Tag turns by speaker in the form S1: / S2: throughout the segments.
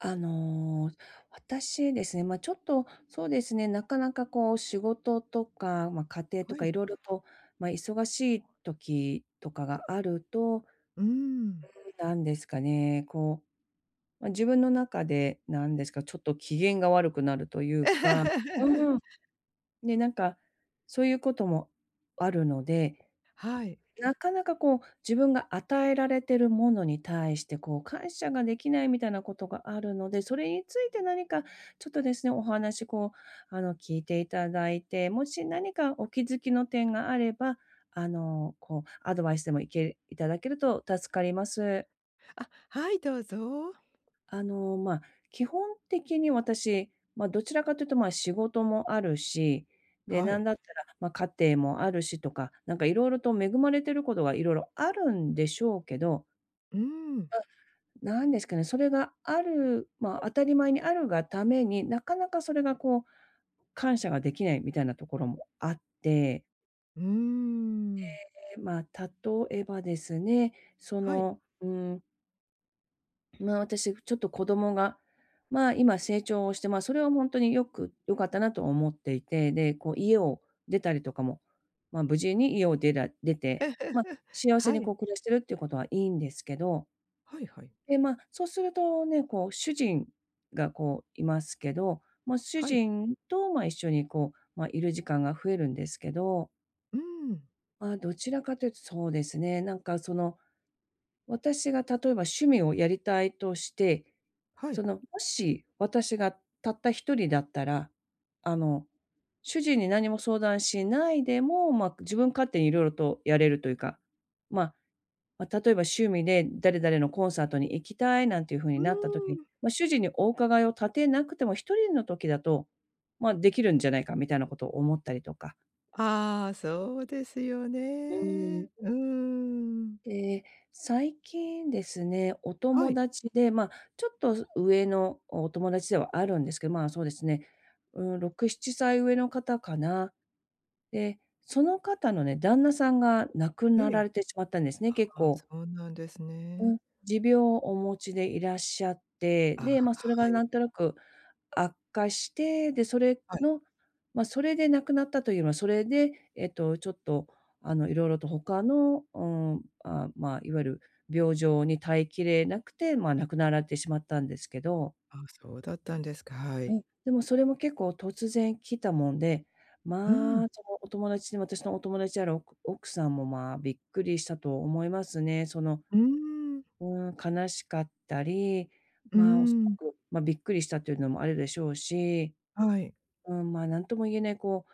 S1: あの、私ですね、ま、ちょっとそうですね、なかなかこう、仕事とか、ま、家庭と
S2: は
S1: か
S2: い。
S1: 色々と、ま、忙しい時とかがあると、
S2: うーん。
S1: なんですかね、こう、ま、自分の中でなんですか、ちょっと機嫌が悪くなるというか、う ん、で、なんか、そういうこともあるので、
S2: はい。
S1: なかなかこう、自分が与えられてるものに対して、こう、感謝ができないみたいなことがあるので、それについて何かちょっとですね、お話こう、あの、聞いていただいて、もし何かお気づきの点があれば、あの、こうアドバイスでもいけいただけると助かります。
S2: あ、はい、どうぞ。
S1: あの、ま、基本的に私、ま、どちらかというと、ま、仕事もあるし、で、
S2: は
S1: な
S2: い。
S1: んだったら、ま、家庭もあるしとか、なんかいろいろと恵まれてることが、いろいろあるんでしょうけど
S2: うん。
S1: あ、なんですかね、それがあるま、当たり前にあるがために、なかなかそれがこう、感謝ができないみたいなところもあって。
S2: うーん。
S1: ええ、ま、例えばですね、そ
S2: はい。
S1: のうん。まあ、私、ふちょっと子供が、まあ、今成長をして、まあ、それはほんとによく良かったなと思っていて。で、こう家を出たりとかも、まあ、無事に家を出ら出て、まあ、幸せ
S2: は
S1: に
S2: い。
S1: こう、暮らしてるっていうことはいいんですけど。
S2: はい、はい。
S1: で、まあ、そうするとね。こう、主人がこう、いますけど。まあ、主
S2: はい。
S1: 人と、まあ、一緒にこう、ま、いる時間が増えるんですけど。
S2: うん。
S1: まあ、どちらかというとそうですね、なんかその、私が例えば趣味をやりたいとして、
S2: はい。
S1: その、もし、私がたった一人だったら、あの、主人に何も相談しないでも、まあ、自分勝手にいろいろとやれるというか。まあ、ま、例えば趣味で、誰々のコンサートに行きたいなんていうふうに
S2: う
S1: なった時、
S2: ーん。
S1: まあ、主人にお伺いを立てなくても、一人の時だと、まあ、できるんじゃないかみたいなことを思ったりとか。
S2: ああ、そうですよ
S1: う
S2: ね。
S1: ん。
S2: うーん。
S1: で、最近ですね。お
S2: は
S1: 友
S2: い。
S1: 達で、ま、ちょっとそ上のお友達ではあるんですけど。まあ、そうですね。うん、6、7歳上の方かな。で、その方のね、旦那さんが亡く
S2: え
S1: なら
S2: え。
S1: れてしまったんですね。
S2: あ
S1: 結
S2: あ、
S1: 構
S2: そうなんです
S1: う
S2: ね。
S1: ん。持病をお持ちでいらっしゃって。
S2: あ、
S1: で、まあ、それ
S2: は
S1: が
S2: い。
S1: なんとなく悪化して。で、それ
S2: はい。
S1: の、まあ、それで亡くなったという、まあ、それで、えっと、ちょっと、あの、いろいろと他の、うん、あ、まあ、いわゆる病状に耐えきれなくて、まあ、亡くなられてしまったんですけど。
S2: あ、そうだったんですか、は
S1: う
S2: い。
S1: ん。でも、それも結構突然来たもんで。
S2: うん。
S1: まあ、そのお友達に私のお友達であるおく奥さんも、まあ、びっくりしたと思いますね。その
S2: うーん。
S1: うん。悲しかったり。
S2: うー
S1: まあ、おそら
S2: ん。
S1: く、ま、びっくりしたというのもあるでしょうし。
S2: はい。
S1: うん、まあ、何とも言えないこ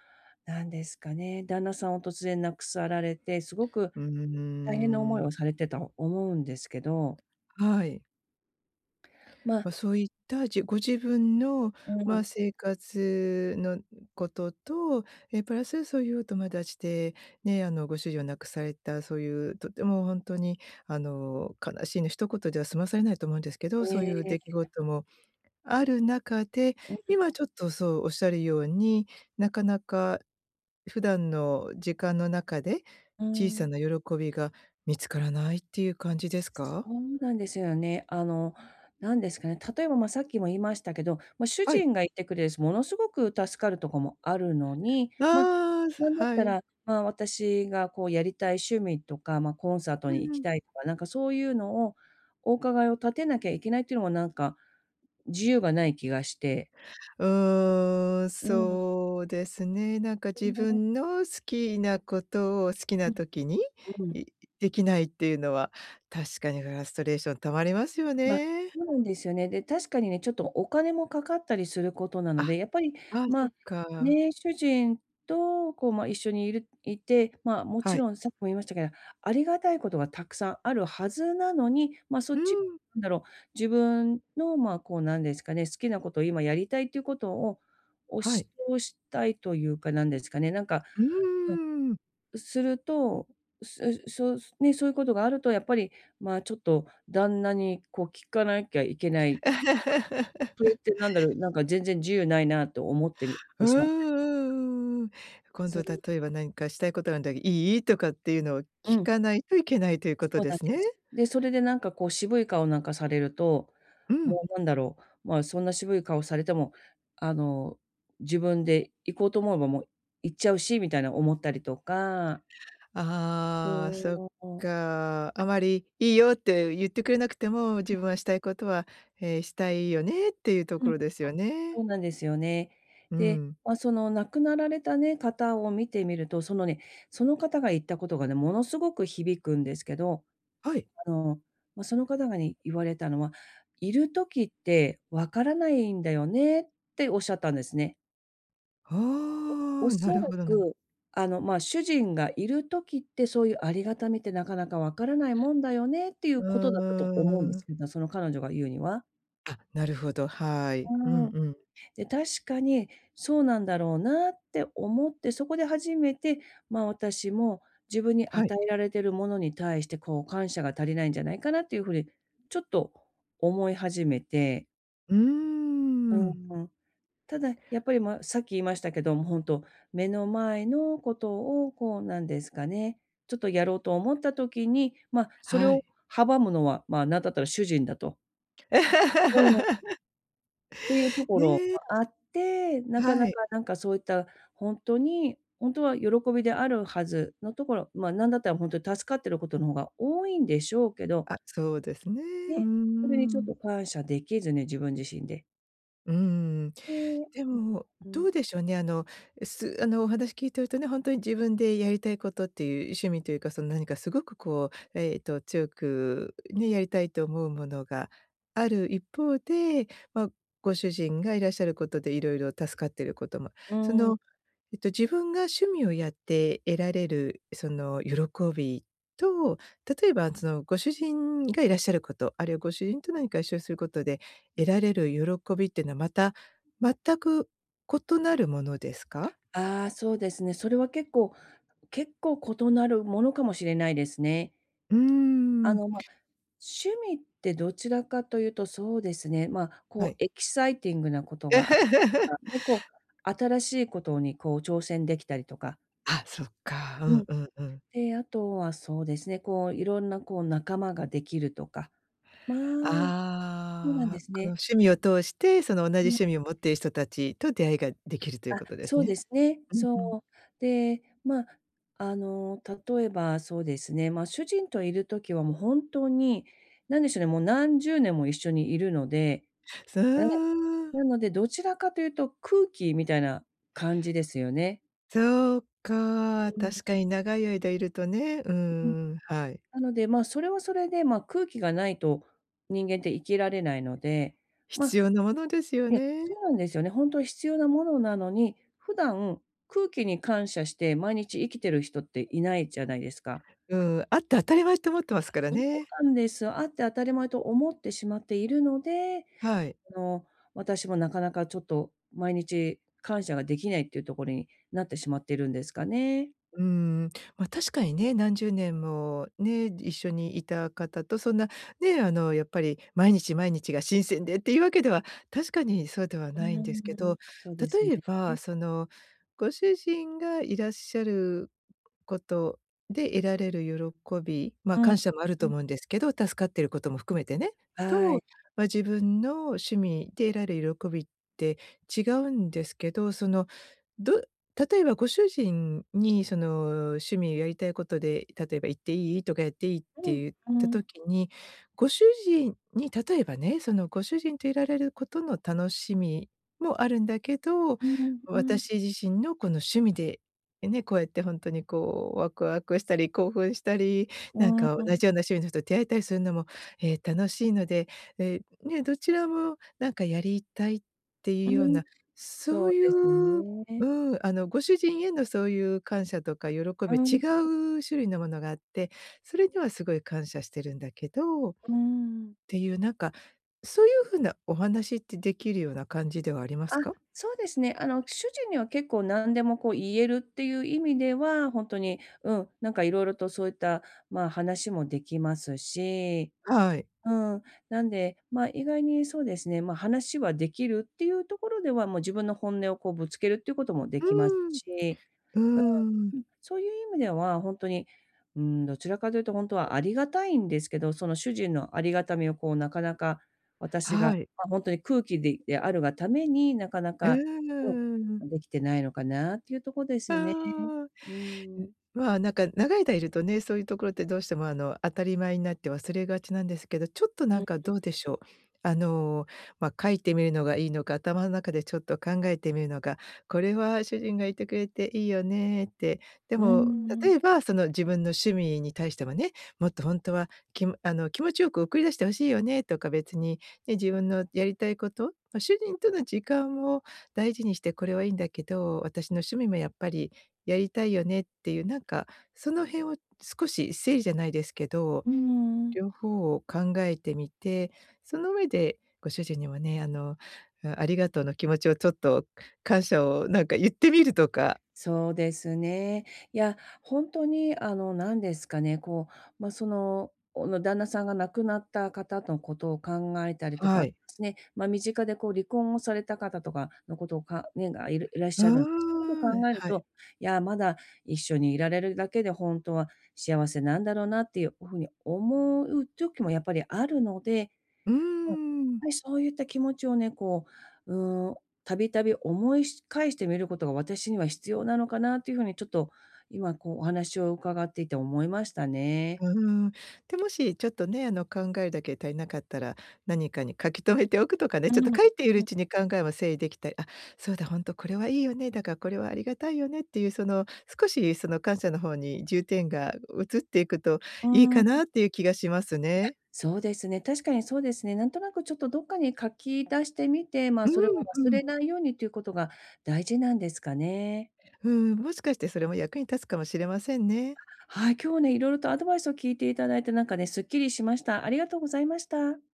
S1: うなんですかね。旦那さんを突然亡くさられて、すごく
S2: う
S1: 大変な
S2: ー
S1: 思い
S2: ん。
S1: をされてた思うんですけど。
S2: はい。
S1: まあ。
S2: ま、そういったじご自分の
S1: う
S2: まあ、
S1: ん。
S2: 生活のことと、ええ、プラスそういうお友達でね、あの、ご主人を亡くされた、そういうとてもほんとにあの、悲しいのひと言では済まされないと思うんですけど、そうい
S1: え
S2: う
S1: え。
S2: 出来事もある中で、
S1: うん。
S2: 今ちょっとそうおっしゃるように、なかなか普段の時間の中で
S1: うー
S2: 小さ
S1: ん。
S2: な喜びが見つからないっていう感じです
S1: そ
S2: か？
S1: うなんですよね。あの、何ですかね、例えばま、さっきも言いましたけど、ま、主
S2: はい。
S1: 人がいてくれるし、ものすごく助かるとこもあるのに、ま、
S2: ああ、そ
S1: なんだっ
S2: は
S1: た
S2: い。
S1: ら、ま、私がこう、やりたい趣味とか、ま、コンサート
S2: う
S1: に
S2: ん
S1: 行
S2: う
S1: き
S2: ん。
S1: たいとか、なんかそういうのを、お伺いを立てなきゃいけないっていうのもなんか、自由がない気がして。
S2: うーん、
S1: うん。
S2: そうですね。なんか自 分の好きなことを好き
S1: う
S2: な
S1: ん、
S2: 時に、
S1: うん。
S2: いできないっていうのは確かにフラストレーション溜まりますよ
S1: ま、
S2: ね。
S1: そうなんですよね。で、確かにね、ちょっとお金もかかったりすることな
S2: あ、
S1: ので、やっぱり、
S2: ああ、
S1: ま
S2: そ
S1: あ、
S2: っか。
S1: ねえ、主人とこうま、一緒にいるいて、まあ、も
S2: は
S1: ち
S2: い。
S1: ろんさっきも言いましたけど、ありがたいことがたくさんあるはずなのに、ま、そ
S2: う
S1: っち、
S2: ん。
S1: なんだろう、自分のまあ、こうなんですかね、好きなこと、今やりたいっていうことを押
S2: はい。
S1: し通したいというかなんですかね、なんか
S2: う
S1: う
S2: ーん。
S1: ん、すると、うすうそうすね、そういうことがあるとやっぱりまあ、ちょっと旦那にこう、聞かなきゃいけないそれっ てなんだろう、なんか全然自由ないなと思ってみ
S2: う
S1: て
S2: ん
S1: しまったりとか
S2: うんうん。今
S1: そ
S2: 度、
S1: う
S2: 例えば、何かしたいことあんだけど、「いい？」とかっていうのを
S1: う
S2: 聞
S1: ん。
S2: かないといけないということ
S1: そう
S2: で
S1: なん
S2: すね？
S1: です。で、それでなんかこう渋い顔なんかされると、
S2: うん。
S1: もうなんだろう、まあ、そんな渋い顔されても、あの、自分で行こうと思えばもう行っちゃうしみたいな思ったりとか
S2: ああ、そっ
S1: そう。
S2: か、あまり「いいよ」って言ってくれなくても、自分 はしたいことは、ええ、したいよねっていうと
S1: う
S2: こ
S1: ん。なんで
S2: ろですよね？
S1: そうなんですよね。
S2: う
S1: で、
S2: ん。
S1: ま、その亡くなられたね、方を見てみると、そのね、その方が言ったことがね、ものすごく響くんですけど、
S2: はい。
S1: あの、まあ、その方がね言われたのは、「いる時ってわからないんだよね」っておっしゃったんですね。
S2: ほ お、な
S1: 恐
S2: る
S1: ら
S2: ほどぬん
S1: く、あの、「まあ、主人がいる時って、そう言うありがたみって、なかなか分からないもんだよね」って言
S2: う
S1: う
S2: ん
S1: 事だったと
S2: う
S1: 思うんで
S2: んうん。
S1: すけど、その彼女が言うには。
S2: あ、なるほど、はい。う
S1: う
S2: ん
S1: ーん。
S2: うん。
S1: で、確かに、そうなんだろうなって思って、そこで初めて、まあ、私も自分に
S2: はい。
S1: 与えられてるものに対して、こう、感謝が足りないんじゃないかなって言う風うに、ちょっと思い始めて
S2: うー
S1: う
S2: ん。
S1: ーん。ただ、やっぱり、まあ、さっき言いましたけども、本当、目の前の事を、こう、何ですかね、ちょっとやろうと思った時に、ま、それ
S2: は
S1: を
S2: い。
S1: 阻むのは、まあ、何だったら、主人だとうん。って言うところ
S2: ね。
S1: があって、なかな
S2: は
S1: か、
S2: い。
S1: なんか、そう言ったほんとにほんとは、喜びであるはずのところ、まあ、何だったら、本当助かってる事の方が多いんでしょうけど
S2: あ、そうですね。うー
S1: ね、それに、ちょっ
S2: ん。
S1: と感謝出来ずに、自分自身で。
S2: うーん、
S1: え
S2: でも、
S1: え。
S2: どう でしょうね。あの、え、すあの、お話聞いてるとね、本当に、自分でやりたい事って言う趣味と言うか、その何か凄くこう、ええと、強くね、やりたいと思うものがある一方で、まあ、ご主人がいらっしゃる事で、色々助かってる事、ま、
S1: う
S2: そ
S1: ーん。
S2: の、えと、自分が趣味をやって得られる、その喜びと、例えば、そのご主人がいらっしゃる事、あるいは、ご主人と、何か一緒にする事で得られる喜びってのは、また全く異なるものですか？
S1: ああ、そうですね。それは結構結構、異なるものかもしれないですね。
S2: うー
S1: あ
S2: ん。
S1: の、ま、趣味って、どちらかと言うと、そうですね、まあ、
S2: は
S1: こ
S2: い。
S1: う、エキサイティングな事があ ね、こう 新しい事にこう挑戦出来たりとか。
S2: あ、そっか。う
S1: う
S2: ん
S1: ん。
S2: うんうん。
S1: で、あとはそうですね、こう、色んなこう、仲間ができるとか、まあそうなん
S2: あ
S1: で
S2: あ、
S1: す
S2: この
S1: ね。
S2: 趣味を通してその同じ
S1: うん。
S2: 趣味を持っている人たちと、出会いができるという
S1: あ、
S2: ことです
S1: そう
S2: ね。
S1: ですね。
S2: うん
S1: そ
S2: うん。
S1: う。で、ま、あの例えばそうですね、ま、主人といる時はもう本当に、何でしょうね、もう何十年も一緒にいるので
S2: そ
S1: あえ、
S2: う。
S1: なので、どちらかというと、空気みたいな感じですよね。
S2: そうか、
S1: う
S2: 確
S1: ん。
S2: かに長い間いるとね、うー
S1: うん。
S2: ん、はい。
S1: なので、ま、それはそれで、ま、空気がないと人間って生きられないので。
S2: 必
S1: ま
S2: 要なものですよ
S1: いや、そ
S2: ね。
S1: うなんですよね。ほんとに必要なものなのに、普段空気に感謝して毎日生きてる人っていないじゃないですか。
S2: うん、あって当たり前と思ってますから
S1: そう
S2: ね。
S1: なんです。あって当たり前と思ってしまっているので、
S2: はい。
S1: あの、私もなかなかちょっと毎日、感謝ができないっていうところになってしまっているんですかね。
S2: うーん、ま、確かにね、何十年もね、一緒にいた方とそんなね、あの、やっぱり、毎日毎日が新鮮でっていうわけでは、確かにそうでは
S1: う
S2: ない
S1: ー
S2: んですけど。
S1: ん、そうですね。
S2: 例えば、
S1: え。
S2: そのご主人がいらっしゃることで得られる喜びま、
S1: うん、
S2: 感謝もあると
S1: うん。
S2: 思うんですけど、助かっていることも含めてね、
S1: は
S2: と、
S1: い。
S2: ま、自分の趣味で得られる喜びって違うんですけど。その、ど例えばご主人にその趣味をやりたいことで、例えば「行っていい？」とか「やっていい？」っ
S1: う
S2: て
S1: ん、
S2: 言っ
S1: う
S2: た
S1: ん。
S2: 時に、ご主人に例えばね、そのご主人といられることの楽しみもあるんだけど、
S1: うん、うん。
S2: 私自身のこの趣味で、ね、こうやってほんとにこうワクワクしたり、興奮したり、
S1: う
S2: なん
S1: ん、
S2: か
S1: うん。
S2: 同じような趣味の人と出会えたりするのも、え、楽しいので、え、ね、どちらもなんかやりたいっていう
S1: う
S2: よう
S1: ん、
S2: な、そ
S1: そう
S2: うい
S1: です
S2: う
S1: ね。
S2: うん、あの、ご主人へのそういう感謝とか喜び
S1: う
S2: は違
S1: ん。
S2: う種類のものがあって、それにはすごい感謝してるんだけどっ
S1: うーん。
S2: ていうなんか、そういう風なお話ってできるような感じではありま
S1: あ、
S2: すか？
S1: そうですね。あの主人には結構何でもこう言えるっていう意味では、ほんとに、うん、なんか色々とそういった、ま、話もできますし。
S2: はい。
S1: うん、なんで、まあ、意外にそうですね、ま、話はできるっていうところでは、もう自分の本音をこうぶつけるっていうこともで
S2: う
S1: きます
S2: ーん。
S1: し、
S2: うー
S1: うー
S2: ん。
S1: ん。うん、そういう意味ではほんとに、うーん、どちらかというとほんとはありがたいんですけど、その主人のありがたみをこうなかなか、私が
S2: はい。
S1: まあ、ほんとに空気でであるがために、なかな
S2: う
S1: か
S2: ーん。
S1: うん、できてないのかなっていうとこですね。
S2: そう。ん、
S1: うーん。
S2: はなんか、長いだいるとね、そういうところってどうしても、あの、当たり前になって忘れがちなんですけど、ちょっと
S1: う
S2: なん
S1: ん
S2: か
S1: うん。
S2: どうでしょう？あの、ま、書いてみるのがいいのか、頭の中でちょっと考えてみるのか、これは主人がいてくれていいよねって。で
S1: うー
S2: も、
S1: ん。
S2: 例えば、その自分の趣味に対してもね、もっとほんとは、きあの気持ちよく送り出して欲しいよねとか、別に、ね、自分のやりたいこと？ま、主人との時間を大事にしてこれはいいんだけど、私の趣味もやっぱりやりたいよねっていうなんか、その辺を少し整理じゃないですけど、
S1: うーん。
S2: 両方を考えてみて、その上でご主人にはね、あの、ありがとうの気持ちをちょっと、感謝をなんか言ってみるとか。
S1: そうですね。いや、ほんとに、あの、なんですかねこう、ま、その、おの旦那さんが亡くなった方のことを考えたりと
S2: は
S1: かで
S2: い。
S1: すね、ま、身近でこう、離婚をされた方とかのことをかねがいるいらっ
S2: う
S1: しゃるんです。そういうこと
S2: ーん、
S1: を考える
S2: はい。
S1: と「いや、まだ一緒にいられるだけで、ほんとは幸せなんだろうな」っていう風に思う時もやっぱりあるので。
S2: うー
S1: うん、やっ
S2: ん。
S1: ぱりそういった気持ちをね、こう、うーん、度々思いし返してみることが、私には必要なのかなという風に、ちょっと今こうお話を伺っていて思いましたね。
S2: うーん。で、もしちょっとね、あの考えるだけ足りなかったら、何かに書き留めておくとかね、
S1: う
S2: ちょっと
S1: ん、
S2: 書いている
S1: う
S2: う
S1: ん。
S2: ちに考えを整理できたり「あ、そうだ、ほんとこれはいいよね、だからこれはありがたいよね」っていうその少しその感謝の方に重点が移っていくと
S1: う
S2: いい
S1: ー
S2: かな
S1: ん。
S2: っていう気がします
S1: いや、
S2: ね。
S1: そうですね、確かにそうですね。なんとなくちょっとどっかに書き出してみて、まあ、
S2: う
S1: それを
S2: ん、う
S1: 忘れ
S2: ん。
S1: ないようにということが大事なんですかね。
S2: うん、もしかしてそれも役に立つかもしれませんね。
S1: はい、今日ね、いろいろとアドバイスを聞いていただいてなんかね、すっきりしました。ありがとうございました。